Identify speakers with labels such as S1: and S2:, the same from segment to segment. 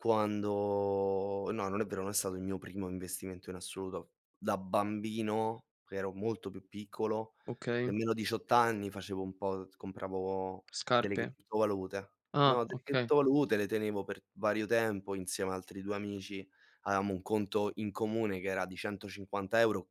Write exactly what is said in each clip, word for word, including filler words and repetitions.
S1: Quando no, non è vero, non è stato il mio primo investimento in assoluto. Da bambino, ero molto più piccolo,
S2: Okay.
S1: nemmeno diciotto anni facevo un po', uhm, compravo delle
S2: Scarpe?
S1: criptovalute. No,
S2: Ah
S1: delle
S2: okay.
S1: criptovalute le tenevo per vario tempo insieme a altri due amici. aveamo un conto in comune, che era di centocinquanta euro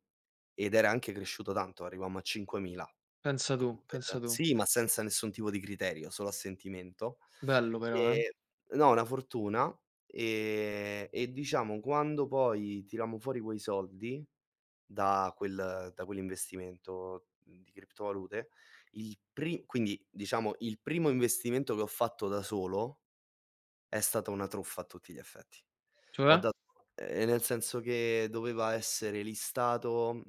S1: ed era anche cresciuto tanto, arrivammo a cinquemila.
S2: Pensa tu,
S1: Con
S2: pensa
S1: quel
S2: tu.
S1: sì, ma senza nessun tipo di criterio, solo a sentimento,
S2: Bello però, eh.
S1: ehm, no, una fortuna, ehm, e diciamo quando poi tirammo fuori quei soldi da quel da quell'investimento di criptovalute, il pri quindi diciamo il primo investimento che ho fatto da solo è stato una truffa a tutti gli effetti. Ho
S2: Cioè?
S1: dat ehm, nel senso che doveva essere listato,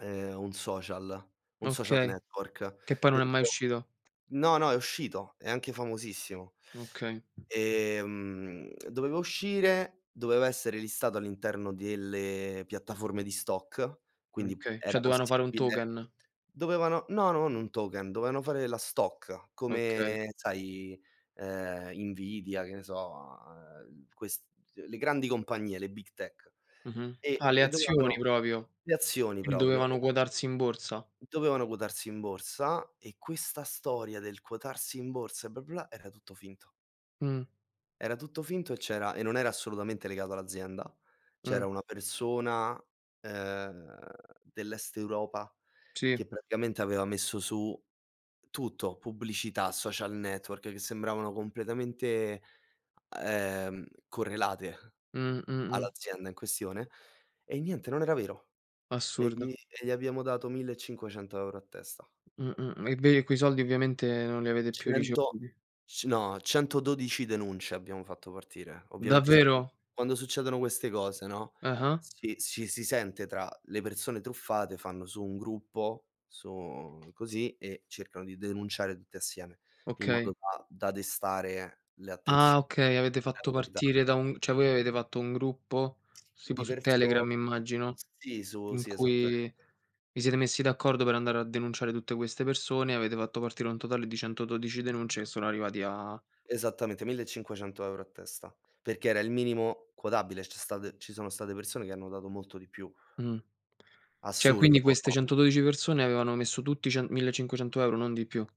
S1: ehm, un social, un social
S2: Okay,
S1: network
S2: che poi non è mai
S1: dentro
S2: uscito.
S1: no, no, è uscito, è anche famosissimo.
S2: Okay.
S1: Ehm, doveva uscire, doveva essere listato all'interno delle piattaforme di stock,
S2: Mh,
S1: quindi
S2: okay,
S1: era
S2: cioè doveano fare un
S1: possibile
S2: token.
S1: dovevano no, non un token, doveano fare la stock
S2: Okay.
S1: come sai, ehm, Nvidia, che ne so, uhm, ehm, ques le grandi compagnie, le big tech.
S2: Mh-mh
S1: E
S2: a le
S1: e
S2: azioni
S1: dovevano
S2: propio,
S1: le azioni
S2: quindi
S1: proprio e
S2: dovevano quotarsi in borsa.
S1: Dovevano quotarsi in borsa e questa storia del quotarsi in borsa e bla, bla, era tutto finto.
S2: Mh.
S1: Era tutto finto e c'era e non era assolutamente legato all'azienda. C'era
S2: Mh.
S1: una persona, ehm, dell'est Europa
S2: Si.
S1: che praticamente aveva messo su tutto, pubblicità, social network, che sembravano completamente, ehm, correlate
S2: Mh, mh-mh.
S1: all'azienda in questione e niente, non era vero. E
S2: Assurdo.
S1: gli e gli abbiamo dato millecinquecento euro a testa.
S2: Mh-mh, mh, e ve e quei soldi ovviamente non li avete più
S1: cento
S2: ricevuti.
S1: c no, centododici denunce abbiamo fatto partire. Ovviamente, sai,
S2: Davvero?
S1: quando succedono queste cose, no,
S2: Ah-ah.
S1: si ci si sente tra le persone truffate, fanno su un gruppo su così e cercano di denunciare tutte assieme in
S2: Okay.
S1: modo da da destare le
S2: Ah
S1: attenzioni
S2: okay, avete
S1: alle
S2: fatto
S1: autorità.
S2: partire da un cioè voi avete fatto un gruppo, tipo
S1: Di
S2: su Telegram
S1: perso
S2: immagino,
S1: sì, su
S2: in
S1: sì,
S2: cui
S1: esattamente.
S2: vi siete messi d'accordo per andare a denunciare tutte queste persone, avete fatto partire un totale di centododici denunce che sono arrivati a
S1: Esattamente, millecinquecento euro a testa, perché era il minimo quotabile. C'è state ci sono state persone che hanno dato molto di più.
S2: Mh. Cioè
S1: Assurdo
S2: quindi queste
S1: [unintelligible]
S2: centododici persone avevano messo tutti cen millecinquecento euro, non di più.